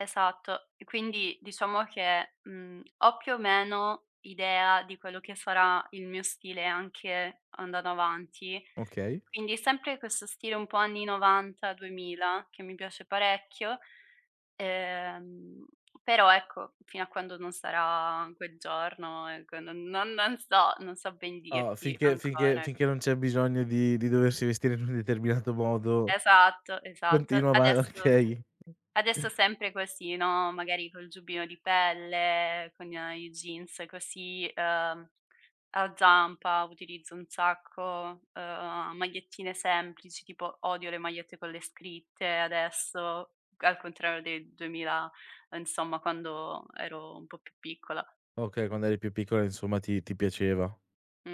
Esatto. E quindi diciamo che, mhmm, ho più o meno idea di quello che sarà il mio stile anche andando avanti. Okay. Quindi sempre questo stile un po' anni '90, 2000, che mi piace parecchio, ehm, però ecco, fino a quando non sarà quel giorno, ecco, no, non non so, non so ben Ah, dirti finché finché ancora, ec finché non c'è bisogno di di doversi vestire in un determinato modo, Esatto, esatto. continua va Adesso se okay. adesso sempre così, no, magari col giubbino di pelle, con i a i jeans così, uhm, a zampa, utilizzo un sacco, uhm, magliettine semplici, tipo odio le magliette con le scritte adesso, al contrario del 2000, uhm, insomma quando ero un po' più piccola. Okay, quando eri più piccola, insomma, ti ti piaceva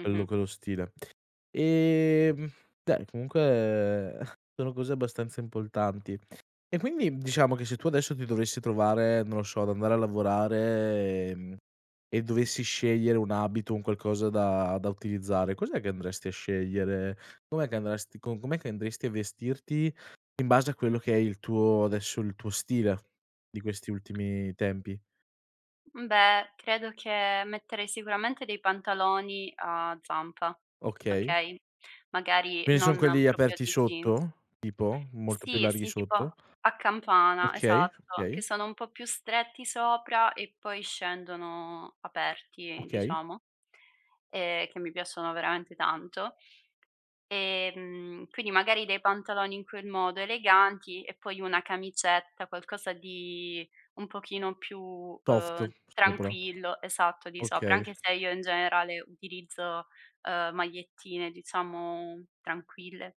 quello quello stile. Ehm, beh, comunque sono cose abbastanza importanti. E quindi diciamo che se tu adesso ti dovessi trovare, non lo so, ad andare a lavorare, ehm, e dovessi scegliere un abito, un qualcosa da da utilizzare, cos'è che andresti a scegliere? Com'è che andresti, co com'è che andresti a vestirti in base a quello che è il tuo adesso, il tuo stile di questi ultimi tempi? Uhm, beh, credo che metterei sicuramente dei pantaloni a zampa, Okay. okay, magari Quindi son non quelli proprio aperti dei jeans. sotto? Tipo? Molto più Sì, larghi sì, tipo sotto? a campana, Okay, esatto, che okay. sono un po' più stretti sopra e poi scendono aperti, Okay. diciamo, ehm, che mi piacciono veramente tanto. Ehm, quindi magari dei pantaloni in quel modo eleganti e poi una camicetta, qualcosa di un pochino più, Soft, uhm, sopra. tranquillo, esatto, di sopra, anche Okay. se io in generale utilizzo, uhm, magliettine, diciamo, tranquille.